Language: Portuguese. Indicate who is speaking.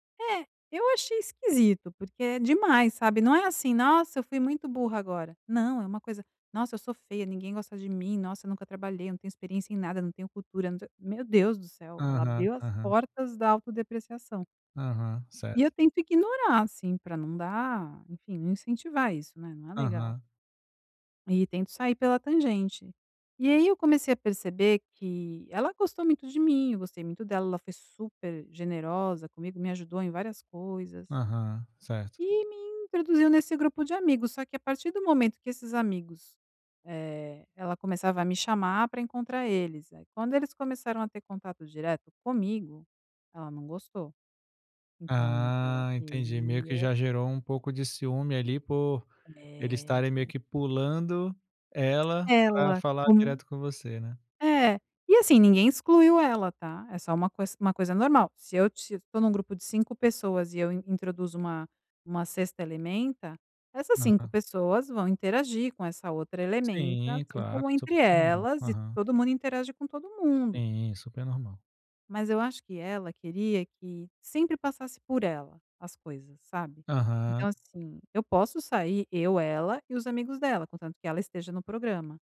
Speaker 1: É, eu achei esquisito, porque é demais, sabe? Não é assim: "Nossa, eu fui muito burra agora", não é uma coisa, "Nossa, eu sou feia ninguém gosta de mim, nossa eu nunca trabalhei, não tenho experiência em nada, não tenho cultura, não tenho", meu Deus do céu ela
Speaker 2: Aham,
Speaker 1: abriu as
Speaker 2: aham.
Speaker 1: portas da autodepreciação.
Speaker 2: Aham, certo.
Speaker 1: E eu tento ignorar, assim, pra não dar enfim não incentivar isso, né, não é legal.
Speaker 2: Aham.
Speaker 1: E tento sair pela tangente. E aí eu comecei a perceber que ela gostou muito de mim, eu gostei muito dela, ela foi super generosa comigo, me ajudou em várias coisas.
Speaker 2: Aham, certo.
Speaker 1: E me introduziu nesse grupo de amigos, só que a partir do momento que esses amigos, eh, ela começava a me chamar pra encontrar eles, aí quando eles começaram a ter contato direto comigo, ela não gostou. Então ela
Speaker 2: Ah, entendi. Meio que
Speaker 1: queria
Speaker 2: já gerou um pouco de ciúme ali por eles
Speaker 1: É.
Speaker 2: estarem meio que pulando ela para
Speaker 1: Ela
Speaker 2: falar
Speaker 1: com,
Speaker 2: direto com você, né.
Speaker 1: é, e assim ninguém excluiu ela tá? É só uma coisa uma coisa normal. Se eu estou num grupo de 5 pessoas e eu introduzo uma uma 6ª elementa, essas 5
Speaker 2: Aham.
Speaker 1: pessoas vão interagir com essa outra elementa,
Speaker 2: Sim,
Speaker 1: assim,
Speaker 2: claro,
Speaker 1: como
Speaker 2: super
Speaker 1: entre
Speaker 2: normal,
Speaker 1: elas e
Speaker 2: aham.
Speaker 1: todo mundo interage com todo mundo.
Speaker 2: Sim, super normal.
Speaker 1: Mas eu acho que ela queria que sempre passasse por ela as coisas, sabe?
Speaker 2: Aham.
Speaker 1: Então assim, eu posso sair eu, ela e os amigos dela contanto que ela esteja no programa.